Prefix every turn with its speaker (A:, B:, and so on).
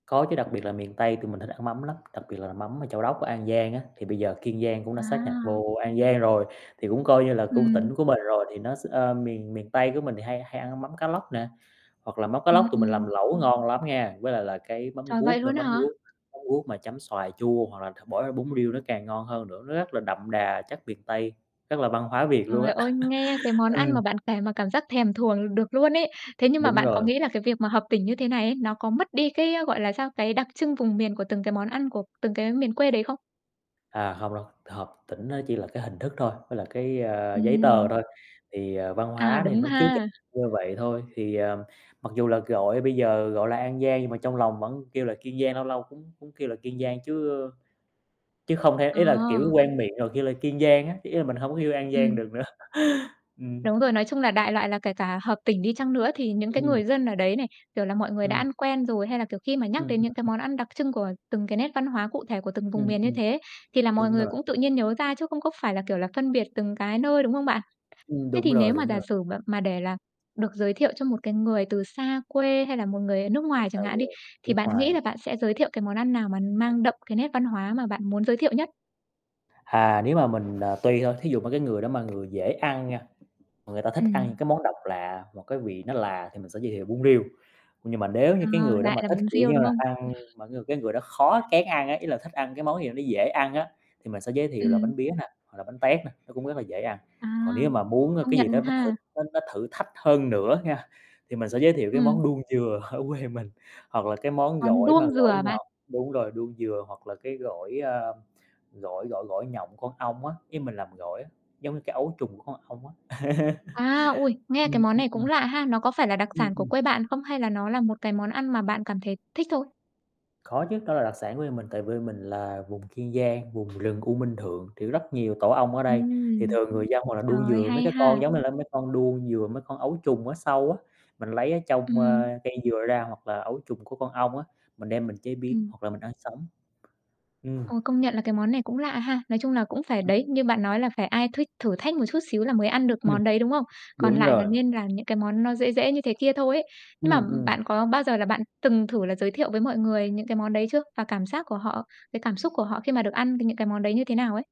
A: Có chứ, đặc biệt là miền Tây tụi mình thích ăn mắm lắm, đặc biệt là mắm ở Châu Đốc, An Giang á, thì bây giờ Kiên Giang cũng đã sáp nhập
B: À.
A: vô An Giang rồi, thì cũng coi như là cũng
B: Ừm.
A: tỉnh của mình rồi. Thì nó x ơ, miền miền Tây của mình thì hay hay ăn mắm cá lóc nè, hoặc là mắm cá
B: Ừm,
A: lóc tụi mình làm
B: ừm.
A: lẩu ngon lắm nha, với lại là cái mắm
B: Trời, vậy
A: ruốc nữa,
B: luôn á
A: mắm
B: hả?
A: ruốc mắm ruốc mà chấm xoài chua, hoặc là th bỏ vô bún riêu nó càng ngon hơn nữa, nó rất là đậm đà chất miền Tây, rất là văn hóa Việt luôn
B: Trời
A: á.
B: ơi, nghe cái món ăn
A: Ừm.
B: mà bạn kể mà cảm giác thèm thuồng được luôn ấy. Thế nhưng mà
A: Đúng
B: bạn có
A: rồi.
B: nghĩ là cái việc mà hợp tỉnh như thế này ấy, nó có mất đi cái, gọi là, sao, cái đặc trưng vùng miền của từng cái món ăn của từng cái miền quê đấy không?
A: À, hông đâu, hợp tỉnh nó chỉ là cái hình thức thôi, với là cái, ơ, giấy tờ
B: Ừm.
A: thôi, thì, ờ, văn
B: À,
A: hóa thì
B: đúng
A: nó [unintelligible]
B: ha.
A: như vậy thôi. Thì, ờ, mặc dù là gọi bây giờ gọi là An Giang, nhưng mà trong lòng vẫn kêu là Kiên Giang, lâu lâu cũng cũng kêu là Kiên Giang chứ, ơ, chứ không thể ý là, kiểu,
B: À.
A: quen miệng rồi kêu là Kiên Giang á, ý là mình hông có yêu An Giang được
B: Ừm.
A: nữa. Ừm.
B: Đúng rồi, nói chung là đại loại là kể cả hợp tỉnh đi chăng nữa thì những cái
A: Ừm.
B: người dân ở đấy này, kiểu là, mọi người đã
A: Ừm.
B: ăn quen rồi, hay là, kiểu, khi mà nhắc
A: Ừm
B: đến
A: hưm
B: những cái món
A: [unintelligible]
B: ăn đặc trưng của từng cái nét văn hóa cụ thể của từng vùng
A: Ừm,
B: miền như
A: ừm.
B: thế, thì là mọi
A: Đúng
B: người
A: rồi.
B: cũng tự nhiên nhớ ra chứ không có phải là, kiểu là, phân biệt từng cái nơi, đúng không bạn?
A: Ừm,
B: Thế
A: đúng
B: thì
A: rồi,
B: nếu mà
A: đúng
B: giả
A: rồi.
B: sử mà mà để là được giới thiệu cho một cái người từ xa quê, hay là một người ở nước
A: Rồi
B: ngoài chẳng
A: sao
B: hạn
A: giờ?
B: đi, thì
A: Nước
B: bạn nghĩ
A: ngoài.
B: là bạn sẽ giới thiệu cái món ăn nào mà mang đậm cái nét văn hóa mà bạn muốn giới thiệu nhất?
A: Hà, nếu mà mình, à, tùy thôi, thí dụ mà cái người đó mà người dễ ăn nha, mà người ta thích ăn những
B: Ừm.
A: cái món độc lạ, hoặc cái vị nó lạ thì mình sẽ giới thiệu bún riêu. Nhưng mà nếu như
B: Ờ,
A: cái người đó
B: lại
A: mà
B: là
A: thích,
B: bún
A: kiểu
B: riêu,
A: như
B: đúng
A: là,
B: không?
A: ăn mà cái người cái người đó khó, kén ăn á, ý là thích ăn cái món gì nó dễ ăn á, thì mình sẽ giới thiệu là
B: Ừm.
A: bánh pía nè, hoặc là bánh tét nè, nó cũng rất là dễ ăn.
B: À.
A: Còn nếu mà muốn
B: Công
A: cái gì
B: nhận
A: đó nó thử
B: ha.
A: nó nó thử thách hơn nữa nha, thì mình sẽ giới thiệu cái
B: Ừm.
A: món đuông dừa ở quê mình, hoặc là cái món
B: Con
A: gỏi mà
B: đuông dừa
A: gỏi
B: hả bạn?
A: nhọt đúng rồi, đuông dừa, hoặc là cái gỏi, a, gỏi gỏi gỏi nhộng con ong á, ý mình làm gỏi á, giống như cái ấu trùng của con ong á.
B: À, ôi, nghe
A: Ừm,
B: cái món này cũng
A: ừm.
B: lạ ha. Nó có phải là đặc
A: Ừm,
B: sản của
A: ừm.
B: quê bạn không, hay là nó là một cái món ăn mà bạn cảm thấy thích thôi?
A: Có chứ, đó là đặc sản của quê mình, tại vì mình là vùng Kiên Giang, vùng rừng U Minh Thượng, thì rất nhiều tổ ong ở đây, thì
B: Ừm.
A: thường người dân hoặc là
B: Trời
A: đuông
B: ơi,
A: dừa mấy
B: hay
A: cái con
B: ha.
A: giống như là mấy con đuông dừa, mấy con ấu trùng ở sâu á, mình lấy ở trong,
B: Ừm.
A: ơ, cây dừa ra, hoặc là ấu trùng của con ong á, mình đem mình chế biến,
B: Ừm.
A: hoặc là mình ăn sống. Ừm.
B: Ờ, công nhận là cái món này cũng lạ ha. Nói chung là cũng phải
A: Ừm.
B: đấy, như bạn nói là phải ai thích thử thách một chút xíu là mới ăn được
A: Ừm.
B: món đấy, đúng không? Còn
A: Đúng
B: lại là
A: rồi.
B: nên làm những cái món nó dễ dễ như thế kia thôi ấy. Nhưng mà
A: Ừm, ừm.
B: bạn có bao giờ là bạn từng thử là giới thiệu với mọi người những cái món đấy chưa? Và cảm giác của họ, cái cảm xúc của họ khi mà được ăn cái những cái món đấy như thế nào ấy?